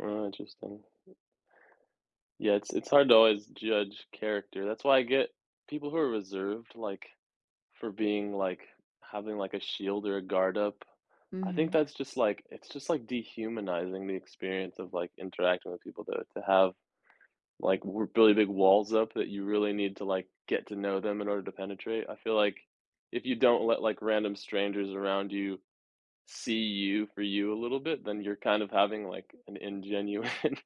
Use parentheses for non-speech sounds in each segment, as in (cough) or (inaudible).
Oh, interesting. Yeah, it's it's hard to always judge character, that's why I get people who are reserved, like, for being, like having, like, a shield or a guard up. I think Mhm. that's just, like it's just, like, dehumanizing the experience of, like, interacting with people to to have like re really big walls up that you really need to, like, get to know them in order to penetrate. I feel like, if you don't let, like, random strangers around you, see you for you a little bit, then you're kind of having, like, an ingenuine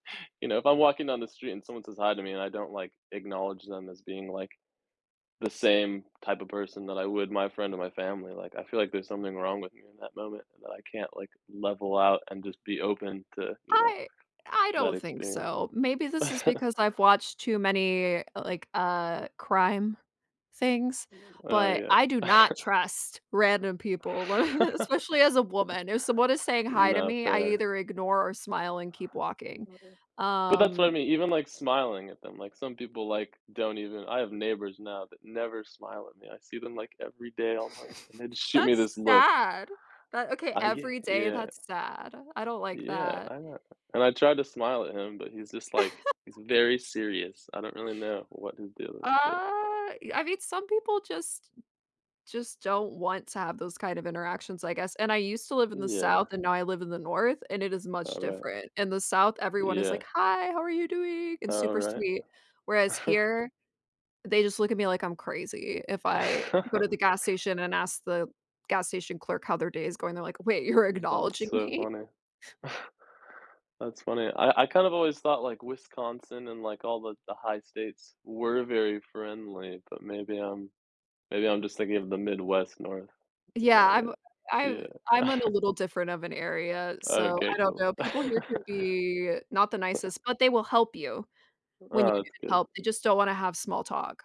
you know, if I'm walking down the street and someone says "Hi" to me and I don't, like, acknowledge them as being, like, the same type of person that I would my friend and my family, like, I feel like there's something wrong with me in that moment and that I can't, like, level out and just be open to, you know, I I that don't think experience. so, maybe this is (chuckles) because I've watched too many, eh like, uh, crime things, Oh, but yeah. I do not (chuckles) trust random people, (chuckles) especially as a woman. If someone is (laughs) saying "Hi" to No, me, I fair. either ignore or smile and keep walking, But that's what I um mean, even, like, smiling at them, like, some people, like, don't even I have neighbors now that never smile at me, I see them, like, every day almost, and (chuckles) they just shoot me That's this look. sad, but, okay, I ye every day, yeah. that's sad. I don't like Yeah, that. I know, and I tried to smile at him, but he's just, like he's (chuckles) very serious. I don't really know what his deal is, but Uh, y I mean, some people just just don't want to have those kind of interactions, I guess, and I used to live in the South, Yeah. and now I live in the North, and it is much All right. different. In the South, everyone is Yeah. like, "Hi, how are you doing?" and super Alright. sweet, whereas (chuckles) here, they just look at me like I'm crazy. If I go to the (chuckles) gas station and ask the gas station clerk how their day is going, they're like, "Wait, you're That's acknowledging so me?" funny. (scoffs) That's funny, I I kind of always thought, like, Wisconsin and, like, all the the high states were very friendly, but maybe I'm maybe I'm just thinking of the Midwest North, is Yeah, that right? I'm I'm I'm Yeah. in a (scoffs) little different of an area, so Okay, I don't know, cool. people here could be not the (chuckles) (scoffs) nicest, but they will help you, when you Oh, that's need good. help, they just don't wanna have small talk.